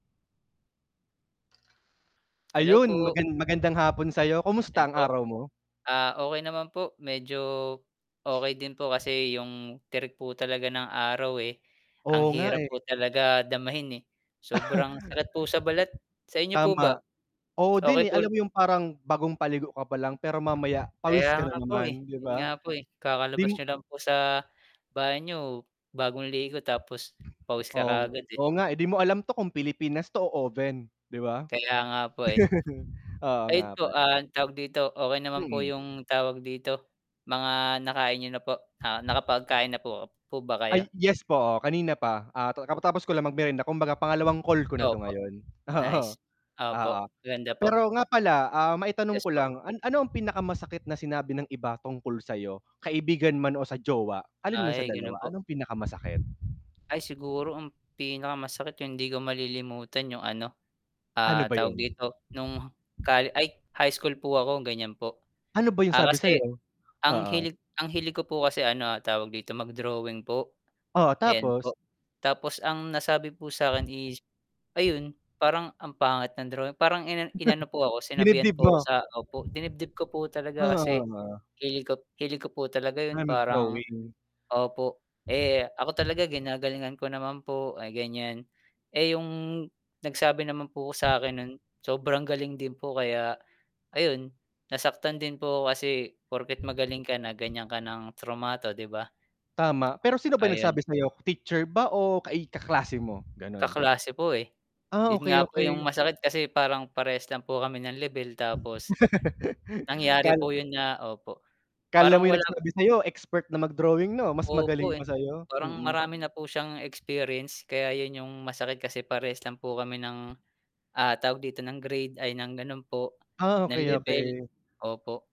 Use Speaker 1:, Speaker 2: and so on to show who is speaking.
Speaker 1: Hello
Speaker 2: Ayun!
Speaker 1: po.
Speaker 2: magan magandang hapon sa 'yo, kumusta
Speaker 1: 'Yan
Speaker 2: ang
Speaker 1: po.
Speaker 2: araw mo?
Speaker 1: Ah, okey naman po, medyo, okey din po kasi, 'yung tirik po talaga ng araw, eh, ang
Speaker 2: Oo nga,
Speaker 1: hirap
Speaker 2: eh.
Speaker 1: po talaga damahin, eh. Sobrang sakit po sa balat. Sa inyo po ba?
Speaker 2: Tama. Oo din
Speaker 1: Okey,
Speaker 2: eh,
Speaker 1: tul
Speaker 2: alam mo 'yung parang, bagong paligo ka palang pero mamaya
Speaker 1: Kaya
Speaker 2: pawis ka na
Speaker 1: nga po, eh,
Speaker 2: naman, 'di
Speaker 1: yun nga
Speaker 2: ba?
Speaker 1: po, eh,
Speaker 2: 'Di
Speaker 1: kakalabas
Speaker 2: m
Speaker 1: n'yo lang po sa banyo, bagong ligo, tapos pawis ka
Speaker 2: Oo ng
Speaker 1: kaagad, eh.
Speaker 2: oo nga, eh, 'di mo alam 'to kung Pilipinas 'to o oven, 'di ba?
Speaker 1: Kaya nga po, eh.
Speaker 2: Oo
Speaker 1: Ayun
Speaker 2: nga
Speaker 1: po,
Speaker 2: pala.
Speaker 1: ah, tawag dito, okey naman po
Speaker 2: Mm.
Speaker 1: yung tawag dito, mga nakain niyo na po? Ah, nakapag-kain na po po ba
Speaker 2: Ay,
Speaker 1: kayo?
Speaker 2: yes po. Oo, kanina pa, ah, katatapos ko lang mag-merienda, kumbaga pangalawang call ko na 'to
Speaker 1: Opo.
Speaker 2: ngayon, oo,
Speaker 1: Nice.
Speaker 2: oo.
Speaker 1: Opo, maganda po.
Speaker 2: Pero nga pala, ah, maitanong
Speaker 1: Yes
Speaker 2: ko
Speaker 1: po.
Speaker 2: lang, an ano ang pinakamasakit na sinabi ng iba tungkol sa 'yo? Kaibigan man o sa jowa, alin man sa
Speaker 1: Ay, ganun
Speaker 2: dalawa,
Speaker 1: po.
Speaker 2: ano ang pinakamasakit?
Speaker 1: Ay siguro, ang pinakamasakit yung 'di ko malilimutan 'yong ano,
Speaker 2: Ano
Speaker 1: ah,
Speaker 2: ba
Speaker 1: tawag
Speaker 2: yun?
Speaker 1: dito, no'ng colle ay high school po ako gan'yan po.
Speaker 2: Ano ba yung
Speaker 1: Ah,
Speaker 2: sabi sa
Speaker 1: kasi,
Speaker 2: 'yo?
Speaker 1: ang
Speaker 2: Oo.
Speaker 1: hilig ang hilig ko po kasi ano tawag dito mag-drawing po,
Speaker 2: Oh,
Speaker 1: ayan
Speaker 2: tapos?
Speaker 1: po. Tapos ang nasabi po sa akin is, ayun, parang ang pangit ng drawing parang inan inano po ako, sinabihan
Speaker 2: Dinibdib
Speaker 1: po
Speaker 2: mo?
Speaker 1: ako sa opo, dinibdib ko po talaga kasi,
Speaker 2: [unintelligible]
Speaker 1: hilig ko hilig ko po talaga
Speaker 2: Na
Speaker 1: 'yon parang
Speaker 2: mag-drawing?
Speaker 1: opo. Eh, ako talaga ginagalingan ko naman po, ah, ganiyan. Eh, yung nagsabi naman po sa'kin nun, sobrang galing din po, kaya ayun, nasaktan din po ako kasi, porket magaling ka na gan'yan ka ng trumato, 'di ba?
Speaker 2: Tama, pero sino ba
Speaker 1: Ayun
Speaker 2: nagsabi sa 'yo? Teacher ba o kai kaklase mo? Ganun.
Speaker 1: Kaklase po, eh.
Speaker 2: Ah,
Speaker 1: 'Yun
Speaker 2: okey
Speaker 1: nga po 'yung
Speaker 2: okey.
Speaker 1: masakit kasi parang, parehas lang po kami ng lebel, tapos nangyari
Speaker 2: Kal
Speaker 1: po yun na opo,
Speaker 2: 'kala mo
Speaker 1: parang
Speaker 2: 'yung
Speaker 1: wala
Speaker 2: nagsabi sa 'yo expert na mag-drawing 'no? Mas
Speaker 1: Opo,
Speaker 2: magaling pa
Speaker 1: eh.
Speaker 2: sa 'yo?
Speaker 1: Parang
Speaker 2: Mm.
Speaker 1: marami na po siyang experience kaya 'yun 'yung masakit kasi parehas lang po kami nang, ah, tawag dito ng grade ay ng ganun po,
Speaker 2: Ah,
Speaker 1: nang
Speaker 2: okey
Speaker 1: lebel.
Speaker 2: okey.
Speaker 1: Opo.